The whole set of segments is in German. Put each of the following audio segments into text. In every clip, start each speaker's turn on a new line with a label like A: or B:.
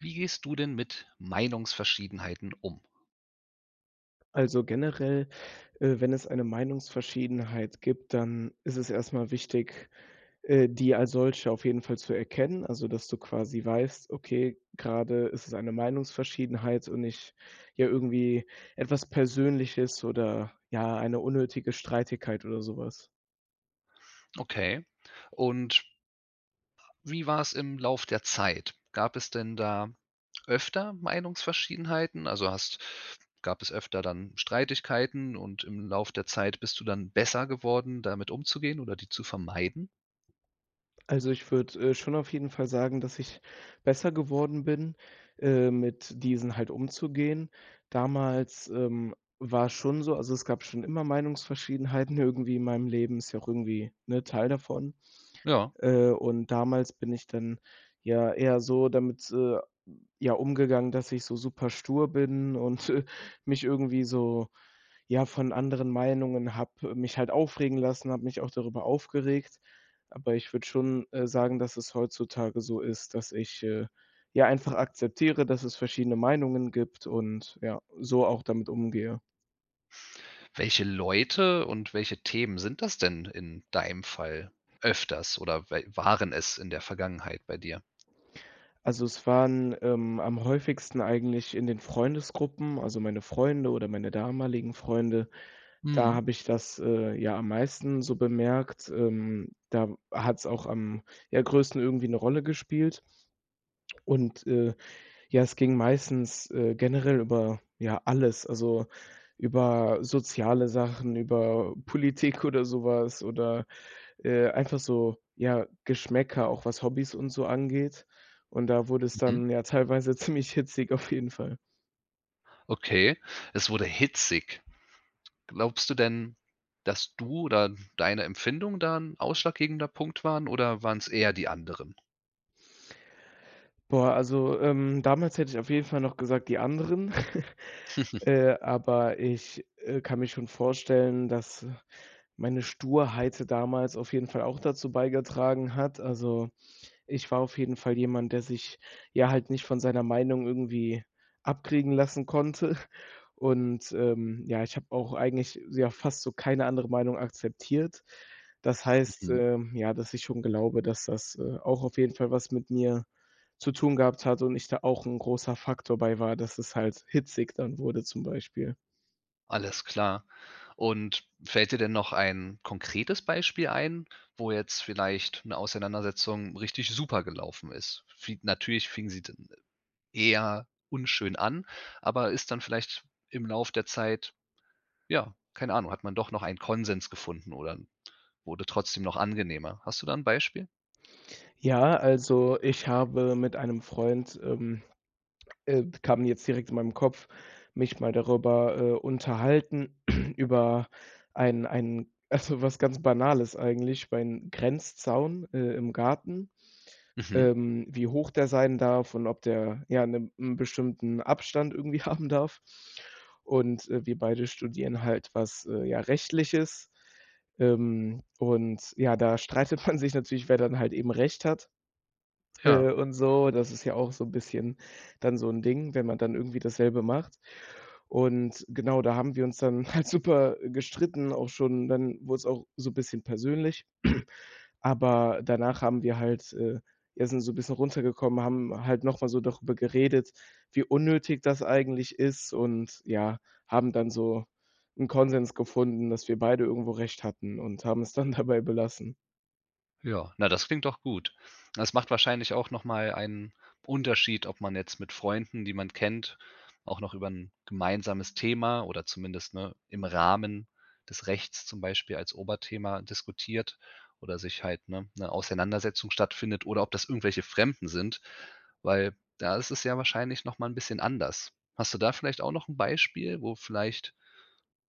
A: Wie gehst du denn mit Meinungsverschiedenheiten um?
B: Also generell, äh, wenn es eine Meinungsverschiedenheit gibt, dann ist es erst mal wichtig, äh, die als solche auf jeden Fall zu erkennen. Also, dass du quasi weißt, okay, grade ist es eine Meinungsverschiedenheit und nicht, ja, irgendwie etwas Persönliches oder, ja, eine unnötige Streitigkeit oder sowas.
A: Okay und wie war's im Lauf der Zeit? Gab es denn da öfter Meinungsverschiedenheiten? Also, hast gab es öfter dann Streitigkeiten, und im Lauf der Zeit bist du dann besser geworden, damit umzugehen oder die zu vermeiden?
B: Also, ich würde, äh, schon auf jeden Fall sagen, dass ich besser geworden bin, äh, mit diesen halt umzugehen. Damals, ähm, war's schon so also, es gab schon immer Meinungsverschiedenheiten irgendwie in meinem Leben, ist ja auch irgendwie, ne, Teil davon.
A: Ja.
B: Äh, und damals bin ich dann ja eher so damit, äh, ja, umgegangen, dass ich so superstur bin und, äh, mich irgendwie so ja, von anderen Meinungen habe mich halt aufregen lassen, habe mich auch darüber aufgeregt. Aber ich würde schon, äh, sagen, dass es heutzutage so ist, dass ich, äh, ja, einfach akzeptiere, dass es verschiedene Meinungen gibt und, ja, so auch damit umgehe.
A: Welche Leute und welche Themen sind das denn in deinem Fall öfters oder we waren es in der Vergangenheit bei dir?
B: Also, es waren, ähm, am häufigsten eigentlich in den Freundesgruppen, also, meine Freunde oder meine damaligen Freunde, da
A: Mhm.
B: habe ich das, äh, ja am meisten so bemerkt, ähm. Da hat's auch am, ja, größten irgendwie 'ne Rolle gespielt. Und, äh, ja, es ging meistens, äh, generell über, ja, alles, also, über soziale Sachen, über Politik oder so was oder, äh, einfach so, ja, Geschmäcker, auch was Hobbys und so angeht. Und da wurde es
A: Mhm.
B: dann ja teilweise ziemlich hitzig, auf jeden Fall.
A: Okay, es wurde hitzig. Glaubst du denn, dass du oder deine Empfindung da 'n ausschlaggebender Punkt waren oder waren's eher die anderen?
B: Boah, also, ähm, damals hätte ich auf jeden Fall noch gesagt, die anderen, äh, aber ich, äh, kann mir schon vorstellen, dass meine Sturheit damals auf jeden Fall auch dazu beigetragen hat. Also, ich war auf jeden Fall jemand, der sich, ja, halt nicht von seiner Meinung irgendwie abkriegen lassen konnte und, ähm, ja, ich habe auch eigentlich, ja, fast so keine andere Meinung akzeptiert. Das heißt,
A: Mhm.
B: ähm, ja, dass ich schon glaube, dass das, äh, auch auf jeden Fall was mit mir zu tun gehabt hat und ich da auch 'n großer Faktor bei war, dass es halt hitzig dann wurde, zum Beispiel.
A: Alles klar. Und fällt dir denn noch ein konkretes Beispiel ein, wo jetzt vielleicht 'ne Auseinandersetzung richtig super gelaufen ist? Fi natürlich fing sie dann eher unschön an, aber ist dann vielleicht im Lauf der Zeit ja, keine Ahnung, hat man doch noch einen Konsens gefunden oder 'n wurde trotzdem noch angenehmer. Hast du da 'n Beispiel?
B: Ja, also, ich habe mit einem Freund ähm, äh, kam jetzt direkt in meinen Kopf mich mal darüber, äh, unterhalten über einen einen also, was ganz Banales eigentlich über einen Grenzzaun, äh, im Garten,
A: Mhm.
B: ähm, wie hoch der sein darf und ob der, ja, 'ne, 'n bestimmten Abstand irgendwie haben darf. Und, äh, wir beide studieren halt was, äh, ja, Rechtliches. Ähm, und, ja, da streitet man sich natürlich, wer dann halt eben Recht hat,
A: Ja.
B: äh, und so. Das ist ja auch so 'n bisschen dann so 'n Ding, wenn man dann irgendwie dasselbe macht. Und genau da haben wir uns dann halt super gestritten, auch schon, dann wurde es auch so 'n bisschen persönlich. Aber danach haben wir halt äh, ja, sind so 'n bisschen runtergekommen, haben halt noch mal so darüber geredet, wie unnötig das eigentlich ist, und ja, haben dann so 'n Konsens gefunden, dass wir beide irgendwo recht hatten, und haben es dann dabei belassen.
A: Ja. Na, das klingt doch gut. Das macht wahrscheinlich auch noch mal einen Unterschied, ob man jetzt mit Freunden, die man kennt, auch noch über 'n gemeinsames Thema oder zumindest, ne, im Rahmen des Rechts zum Beispiel als Oberthema diskutiert oder sich halt, ne, 'ne Auseinandersetzung stattfindet oder ob das irgendwelche Fremden sind, weil da ist es ja wahrscheinlich noch mal 'n bisschen anders. Hast du da vielleicht auch noch 'n Beispiel, wo vielleicht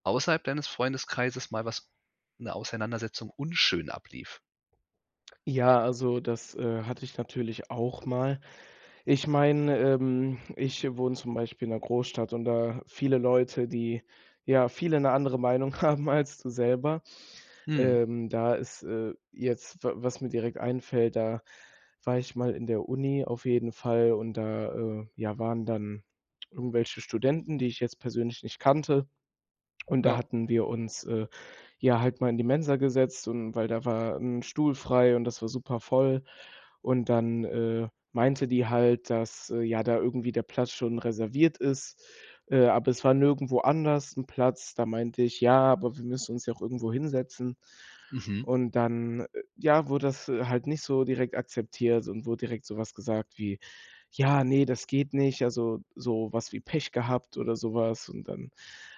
A: außerhalb deines Freundeskreises mal was 'ne Auseinandersetzung unschön ablief?
B: Ja, also, das, äh, hatte ich natürlich auch mal. Ich meine, ähm, ich wohne zum Beispiel in 'ner Großstadt und da viele Leute, die ja viele 'ne andere Meinung haben als du selber,
A: Mhm.
B: ähm, da ist, äh, jetzt w was mir direkt einfällt, da war ich mal in der Uni auf jeden Fall und da, äh, ja waren dann irgendwelche Studenten, die ich jetzt persönlich nicht kannte. Und da
A: Ja.
B: hatten wir uns, äh, ja halt mal in die Mensa gesetzt und weil da war 'n Stuhl frei und das war supervoll und dann, äh, meinte die halt, dass, äh, ja da irgendwie der Platz schon reserviert ist, äh, aber es war nirgendwo anders 'n Platz. Da meinte ich: „Ja, aber wir müssen uns ja auch irgendwo hinsetzen.“
A: Mhm.
B: Und dann ja, wurde das halt nicht so direkt akzeptiert und wurde direkt so was gesagt wie: „Ja ne, das geht nicht.“ Also, so was wie Pech gehabt oder sowas und dann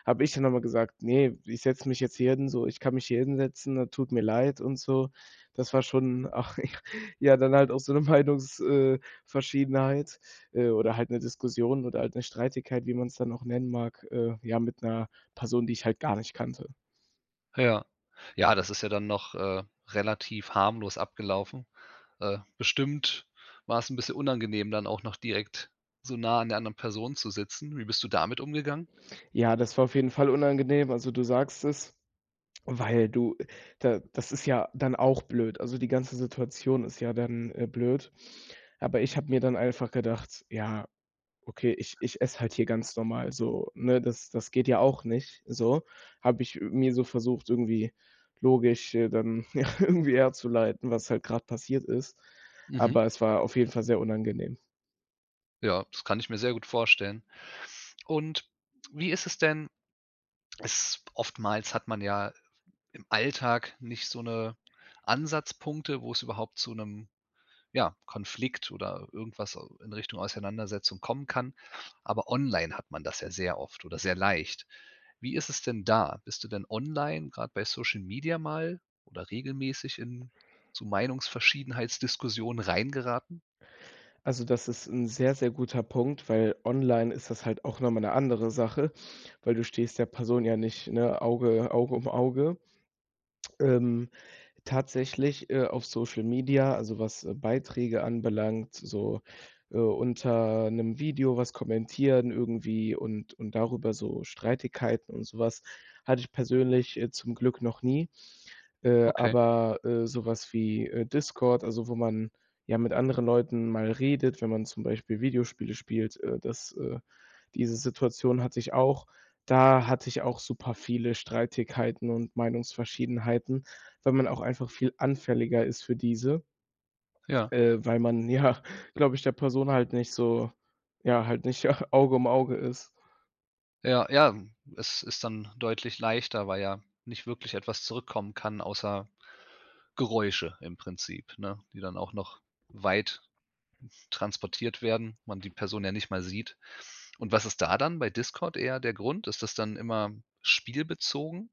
B: habe ich dann noch mal gesagt: „Ne, ich setze mich jetzt hier hin so. Ich kann mich hier hinsetzen, tut mir leid und so.“ Das war schon, ach, ja, ja, dann halt auch so 'ne Meinungs äh, Verschiedenheit, äh, oder halt 'ne Diskussion oder halt 'ne Streitigkeit, wie man's dann auch nennen mag, äh, ja mit 'ner Person, die ich halt gar nicht kannte.
A: Ja. Ja, das ist ja dann noch, äh, relativ harmlos abgelaufen. Äh, bestimmt war es 'n bisschen unangenehm, dann auch noch direkt so nah an der anderen Person zu sitzen. Wie bist du damit umgegangen?
B: Ja, das war auf jeden Fall unangenehm. Also, du sagst es, weil du da das ist ja dann auch blöd. Also, die ganze Situation ist ja dann, äh, blöd. Aber ich habe mir dann einfach gedacht: „Ja, okay, ich ich esse halt hier ganz normal so, ne?“ Das das geht ja auch nicht so. Habe ich, äh, mir so versucht irgendwie logisch äh, dann, ja, irgendwie herzuleiten, was halt grad passiert ist.
A: Mhm.
B: Aber es war auf jeden Fall sehr unangenehm.
A: Ja, das kann ich mir sehr gut vorstellen. Und wie ist es denn? S oftmals hat man ja im Alltag nicht so 'ne Ansatzpunkte, wo es überhaupt zu 'nem, ja, Konflikt oder irgendwas in Richtung Auseinandersetzung kommen kann, aber online hat man das ja sehr oft oder sehr leicht. Wie ist es denn da? Bist du denn online, grad bei Social Media mal oder regelmäßig in so Meinungsverschiedenheitsdiskussionen reingeraten?
B: Also, das ist 'n sehr, sehr guter Punkt, weil online ist das halt auch noch mal 'ne andere Sache, weil du stehst der Person ja nicht, ne, Auge Auge um Auge. Ähm, tatsächlich, äh, auf Social Media, also was Beiträge anbelangt, so, äh, unter 'nem Video was kommentieren irgendwie und und darüber so Streitigkeiten und so was, hatte ich persönlich, äh, zum Glück noch nie. Äh,
A: Okay.
B: aber, äh, so was wie, äh, Discord, also wo man ja mit anderen Leuten mal redet, wenn man zum Beispiel Videospiele spielt, äh, das, äh diese Situation hatte ich auch. Da hatte ich auch super viele Streitigkeiten und Meinungsverschiedenheiten, weil man auch einfach viel anfälliger ist für diese
A: Ja.
B: äh, weil man ja, glaube ich, der Person halt nicht so, ja halt nicht Auge um Auge ist.
A: Ja. Ja, hm, es ist dann deutlich leichter, weil ja nicht wirklich etwas zurückkommen kann außer Geräusche im Prinzip, ne, die dann auch noch weit transportiert werden, man die Person ja nicht mal sieht. Und was ist da dann bei Discord eher der Grund? Ist das dann immer spielbezogen?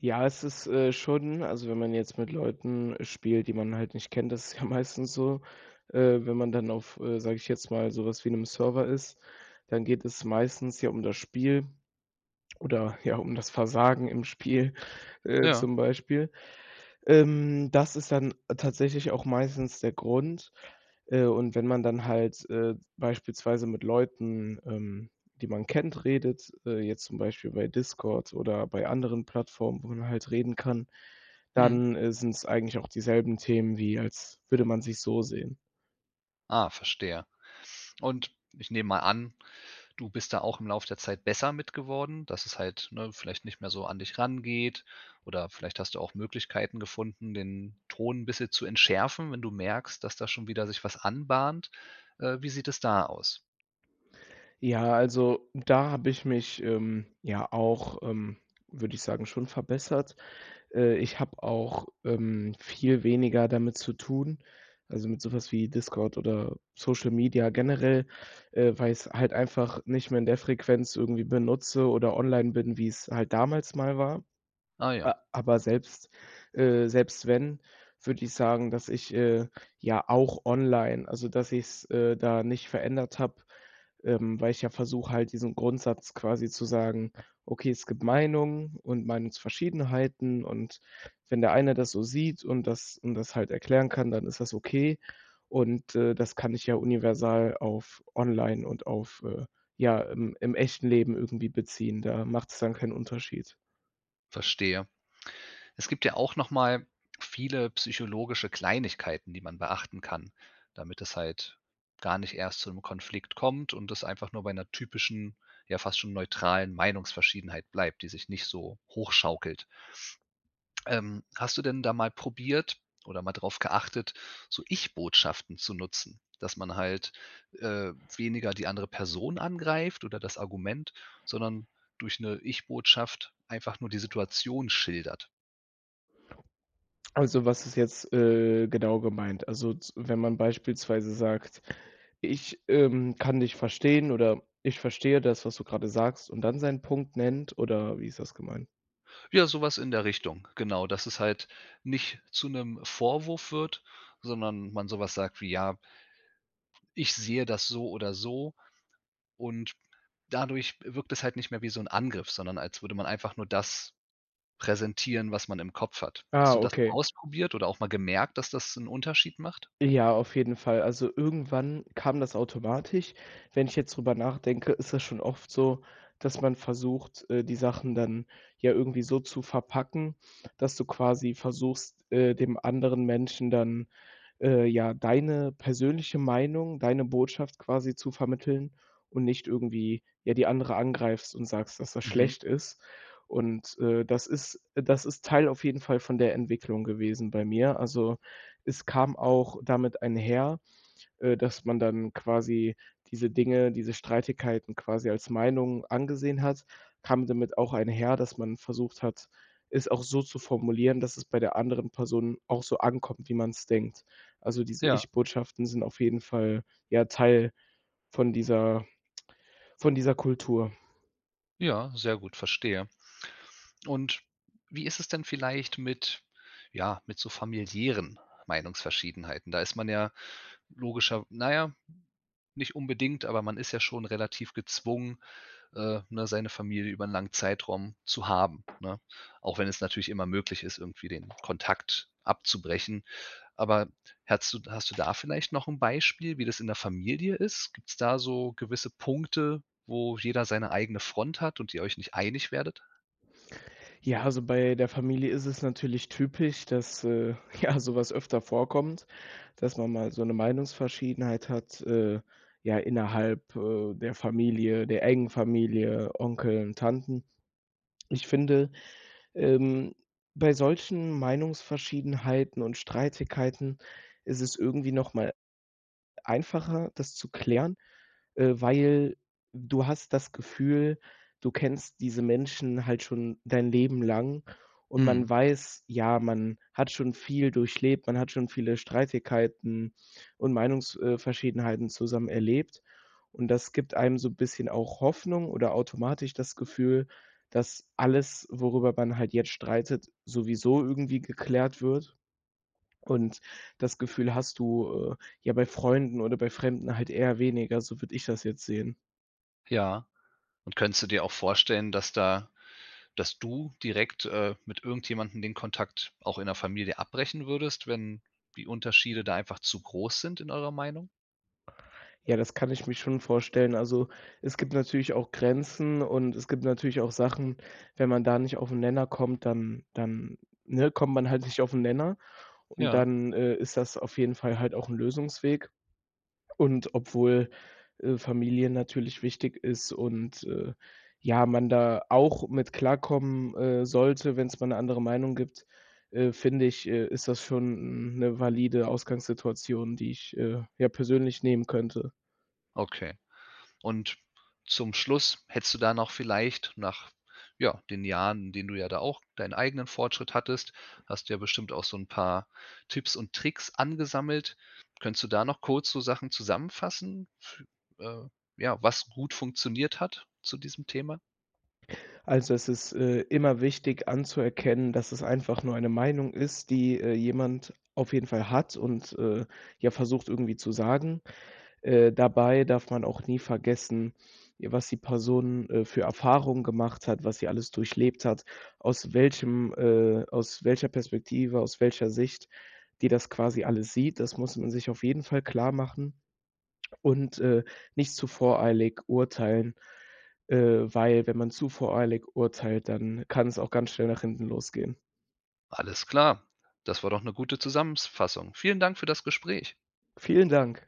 B: Ja, ist es, äh, schon also, wenn man jetzt mit Leuten spielt, die man halt nicht kennt, das ist ja meistens so. Äh, wenn man dann auf, äh, sage ich jetzt mal, so was wie 'nem Server ist, dann geht es meistens ja um das Spiel oder ja, um das Versagen im Spiel, äh,
A: Ja.
B: zum Beispiel. Ähm, das ist dann tatsächlich auch meistens der Grund. Äh, und wenn man dann halt, äh, beispielsweise mit Leuten, ähm, die man kennt, redet, äh, jetzt zum Beispiel bei Discord oder bei anderen Plattformen, wo man halt reden kann,
A: Mhm.
B: dann, äh, sind es eigentlich auch dieselben Themen wie als würde man sich so sehen.
A: Ah, verstehe. Und ich nehme mal an, du bist da auch im Lauf der Zeit besser mit geworden, dass es halt, ne, vielleicht nicht mehr so an dich rangeht oder vielleicht hast du auch Möglichkeiten gefunden, den Ton bisschen zu entschärfen, wenn du merkst, dass da schon wieder sich was anbahnt. Äh, wie sieht es da aus?
B: Ja, also, da habe ich mich, ähm, ja auch, ähm, würde ich sagen, schon verbessert. Äh, ich habe auch, ähm, viel weniger damit zu tun, also, mit so was wie Discord oder Social Media generell, äh, weil ich's halt einfach nicht mehr in der Frequenz irgendwie benutze oder online bin, wie's halt damals mal war.
A: Ah,
B: A
A: ja.
B: aber selbst, äh selbst wenn, würde ich sagen, dass ich, äh, ja auch online also, dass ich's, äh, da nicht verändert habe, ähm, weil ich ja versuche halt diesen Grundsatz quasi zu sagen: „Okay, es gibt Meinungen und Meinungsverschiedenheiten und wenn der eine das so sieht und das und das halt erklären kann, dann ist das okay“ und, äh, das kann ich ja universal auf online und auf, äh, ja im im echten Leben irgendwie beziehen. Da macht's dann keinen Unterschied.
A: Verstehe. Es gibt ja auch noch mal viele psychologische Kleinigkeiten, die man beachten kann, damit es halt gar nicht erst zu 'nem Konflikt kommt und es einfach nur bei 'ner typischen, ja, fast schon neutralen Meinungsverschiedenheit bleibt, die sich nicht so hochschaukelt. Ähm, hast du denn da mal probiert oder mal drauf geachtet, so Ich-Botschaften zu nutzen? Dass man halt, äh, weniger die andere Person angreift oder das Argument, sondern durch 'ne Ich-Botschaft einfach nur die Situation schildert.
B: Also, was ist jetzt, äh, genau gemeint? Also, z wenn man beispielsweise sagt: „Ich, ähm, kann dich verstehen.“ Oder: „Ich verstehe das, was du grade sagst.“ Und dann seinen Punkt nennt oder wie ist das gemeint?
A: Ja, so was in der Richtung. Genau, dass es halt nicht zu 'nem Vorwurf wird, sondern man so was sagt wie, ja „Ich sehe das so oder so“ und dadurch wirkt es halt nicht mehr wie so 'n Angriff, sondern als würde man einfach nur das präsentieren, was man im Kopf hat. Hast
B: Ah,
A: du das mal
B: okay.
A: ausprobiert oder auch mal gemerkt, dass das 'n Unterschied macht?
B: Ja, auf jeden Fall. Also, irgendwann kam das automatisch. Wenn ich jetzt drüber nachdenke, ist das schon oft so, dass man versucht, äh, die Sachen dann ja irgendwie so zu verpacken, dass du quasi versuchst, äh, dem anderen Menschen dann, äh, ja, deine persönliche Meinung, deine Botschaft quasi zu vermitteln und nicht irgendwie, ja, die andere angreifst und sagst, dass das
A: Mhm.
B: schlecht ist. Und, äh, das ist das ist Teil auf jeden Fall von der Entwicklung gewesen bei mir. Also, es kam auch damit einher, äh, dass man dann quasi diese Dinge, diese Streitigkeiten quasi als Meinung angesehen hat kam damit auch einher, dass man versucht hat, es auch so zu formulieren, dass es bei der anderen Person auch so ankommt, wie man's denkt. Also, diese
A: Ja.
B: Ich-Botschaften sind auf jeden Fall, ja, Teil von dieser von dieser Kultur.
A: Ja, sehr gut, verstehe. Und wie ist es denn vielleicht mit ja, mit so familiären Meinungsverschiedenheiten? Da ist man ja logischerw naja, nicht unbedingt, aber man ist ja schon relativ gezwungen, äh, ne, seine Familie über 'n langen Zeitraum zu haben, ne? Auch wenn es natürlich immer möglich ist, irgendwie den Kontakt abzubrechen. Aber hättest du hast du da vielleicht noch 'n Beispiel, wie das in der Familie ist? Gibt's da so gewisse Punkte, wo jeder seine eigene Front hat und ihr euch nicht einig werdet?
B: Ja, also bei der Familie ist es natürlich typisch, dass, äh, ja, so was öfter vorkommt, dass man mal so 'ne Meinungsverschiedenheit hat, äh, ja, innerhalb, äh, der Familie der engen Familie, Onkel und Tanten. Ich finde, ähm, bei solchen Meinungsverschiedenheiten und Streitigkeiten ist es irgendwie noch mal einfacher, das zu klären, äh, weil du hast das Gefühl, du kennst diese Menschen halt schon dein Leben lang, und
A: Mhm.
B: man weiß, ja, man hat schon viel durchlebt, man hat schon viele Streitigkeiten und Meinungs äh, verschiedenheiten zusammen erlebt, und das gibt einem so bisschen auch Hoffnung oder automatisch das Gefühl, dass alles, worüber man halt jetzt streitet, sowieso irgendwie geklärt wird. Und das Gefühl hast du, äh, ja, bei Freunden oder bei Fremden halt eher weniger, so würde ich das jetzt sehen.
A: Ja. Und könntest du dir auch vorstellen, dass da dass du direkt, äh, mit irgendjemandem den Kontakt auch in der Familie abbrechen würdest, wenn die Unterschiede da einfach zu groß sind in eurer Meinung?
B: Ja, das kann ich mich schon vorstellen. Also, es gibt natürlich auch Grenzen, und es gibt natürlich auch Sachen, wenn man da nicht auf 'n Nenner kommt, dann dann, ne, kommt man halt nicht auf 'n Nenner, und
A: Ja.
B: dann, äh, ist das auf jeden Fall halt auch 'n Lösungsweg. Und obwohl, äh, Familie natürlich wichtig ist und, äh, ja, man da auch mit klarkommen, äh, sollte, wenn's mal 'ne andere Meinung gibt, äh, finde ich, äh, ist das schon 'n 'ne valide Ausgangssituation, die ich, äh, ja, persönlich nehmen könnte.
A: Okay. Und zum Schluss, hättest du da noch vielleicht nach, ja, den Jahren, in denen du ja da auch deinen eigenen Fortschritt hattest hast du ja bestimmt auch so 'n paar Tipps und Tricks angesammelt. Könntest du da noch kurz so Sachen zusammenfassen fü äh, ja, was gut funktioniert hat zu diesem Thema?
B: Also es ist, äh, immer wichtig, anzuerkennen, dass es einfach nur eine Meinung ist, die, äh, jemand auf jeden Fall hat und, äh, ja, versucht irgendwie zu sagen. Äh, dabei darf man auch nie vergessen, ja, was die Person, äh, für Erfahrungen gemacht hat, was sie alles durchlebt hat, aus welchem äh, aus welcher Perspektive, aus welcher Sicht die das quasi alles sieht. Das muss man sich auf jeden Fall klar machen und, äh, nicht zu voreilig urteilen, äh, weil, wenn man zu voreilig urteilt, dann kann es auch ganz schnell nach hinten losgehen.
A: Alles klar. Das war doch 'ne gute Zusammens Fassung. Vielen Dank für das Gespräch.
B: Vielen Dank.